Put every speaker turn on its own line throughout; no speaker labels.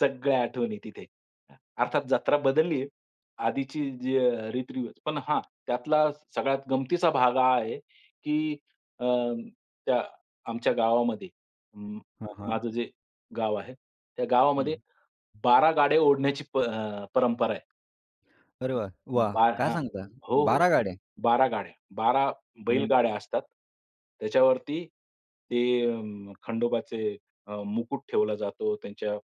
सगळ्या आठवणी तिथे. अ, अर्थात जत्रा बदलली आहे. आधीची जी अ, रीतरिवाज पण हा त्यातला सगळ्यात गमतीचा भाग हा आहे, की अ, त्या आमच्या गावामध्ये, म
हां, हां.
माझं जे गाव आहे, त्या
हं.
गावामध्ये 12 गाड्या ओढण्याची प परंपरा आहे.
अरे वाह! वाह!
बा
काय
हां,
सांगता?
हो, हो,
12 गाड्या.
12 गाड्या. 12
म्हण
बैलगाड्या असतात. त्याच्यावरती ते अं, खंडोबाचे अ, मुकुट ठेवला जातो. त्यांच्या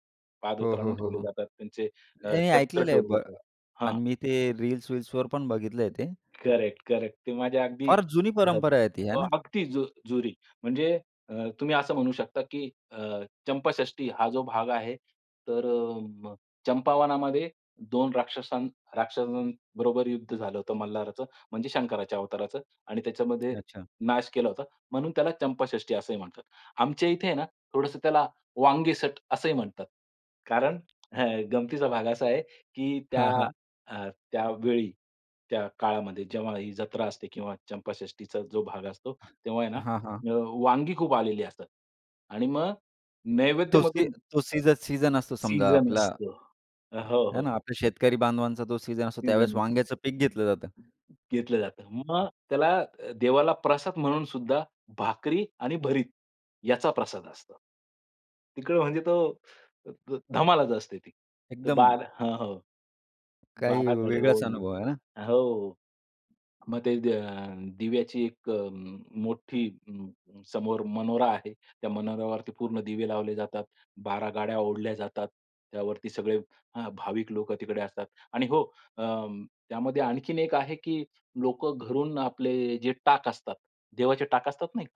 हो, हो,
पादत्राणं
हो,
ठेवले
हो.
जातात. त्यांचे अ,
हे
शस्त्र
ऐकलेलं आहे
ठेवले
ब
जातात हां.
आणि मी ते रील्स-विल्सवर पण बघितलंय ते.
करेक्ट-करेक्ट. ते माझ्या अगदी
फार जुनी
घरात
परंपरा
[unintelligible]
आहे ती,
हो
आहे ना?
अगदी जु जुरी. म्हणजे अ, तुम्ही असं म्हणू शकता की अ, चंपाषष्ठी हा जो भाग आहे तर म चंपावनामध्ये 2 राक्षस राक्षसांबरोबर युद्ध झालं होतं मल्हाराचं. म्हणजे शंकराच्या अवताराचं आणि त्याच्यामध्ये
अच्छा.
नाश केला होता. म्हणून त्याला चंपाषष्ठी असंही म्हणतात. आमच्या इथे आहे ना, थोडंसं त्याला, वांगेसट असंही म्हणतात. कारण हा गमतीचा भाग असा आहे, की त्या
हां, हां.
हा त्यावेळी, त्या काळामध्ये जेव्हा ही जत्रा असते किंवा चंपाषष्ठीचा जो भाग असतो, तेव्हा आहे ना,
हां, हां.
अ, वांगी खूप आलेली असतात आणि मग
तो सी
नैवेद्यामधून
तो सीझ सीझन असतो समजा
सीझन
आपला.
असतो. अ,
हा,
हो,
है
हो.
ना आपल्या शेतकरी बांधवांचा जो सीझन असतो. त्यावेळेस
सीझन असतो.
वांग्याचं पीक घेतलं जातं.
घेतलं जातं. मग त्याला अ, देवाला प्रसाद म्हणून सुद्धा भाकरी आणि भरीत याचा प्रसाद असतो. तिकडे म्हणजे तो ध धमालच असते ती. तर
एकदम.
12 हां, हो,
काही
12 गाड्या
वेगळाच
ओढणं
अनुभव आहे ना?
हो, मग ते दे दिव्याची एक अ, मोठी अं, समोर मनोरा आहे. त्या मनोऱ्यावरती पूर्ण दिवे लावले जातात. 12 गाड्या ओढल्या जातात. त्यावरती सगळे हा भाविक लोकं तिकडे असतात आणि हो अ, त्यामध्ये आणखीन एक आहे की लोकं घरून आपले जे टाक असतात, देवाचे टाक असतात नाही का?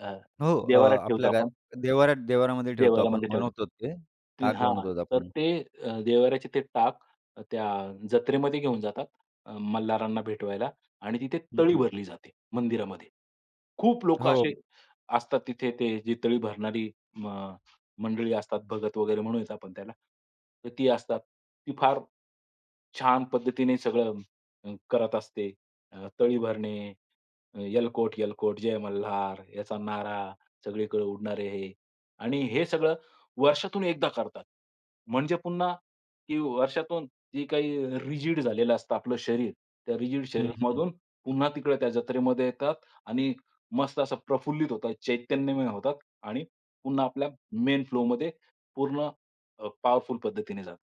अ,
हो, अ,
देवारात ठेवतो
आपल्या घर
आपण.
देवारा देवारामध्ये ठेवतो आपण.
देवाऱ्यामध्ये ठेवतात.
बनवतो ते,
ते
टाक
हां,
बनवतोत
तर
आपण.
ते अ, देवाऱ्याचे ते टाक त्या जत्रेमध्ये घेऊन जातात, अ, मल्हारांना भेटवायला आणि तिथे
हं,
तळी
हं.
भरली जाते मंदिरामध्ये. खूप लोकं
हो.
असे असतात तिथे ते तळी भरणारी म मंडळी असतात भगत वगैरे म्हणूया आपण त्याला तर ती असतात. ती फार छान पद्धतीने सगळं करत असते. तळी भरणे, एलकोट-एलकोट जय मल्हार, याचा नारा सगळीकडे उडणारे हे आणि हे सगळं वर्षातून एकदा करतात. म्हणजे पुन्हा की वर्षातून जे काही रिजिड झालेलं असतं आपलं शरीर, त्या रिजिड
हं, हं.
शरीरामधून पुन्हा तिकडे त्या जत्रेमध्ये येतात आणि मस्त असं प्रफुल्लित होतात, चैतन्यमय होतात आणि पुन्हा आपल्या मेन फ्लोमध्ये पूर्ण अ, पॉवरफुल पद्धतीने जातात.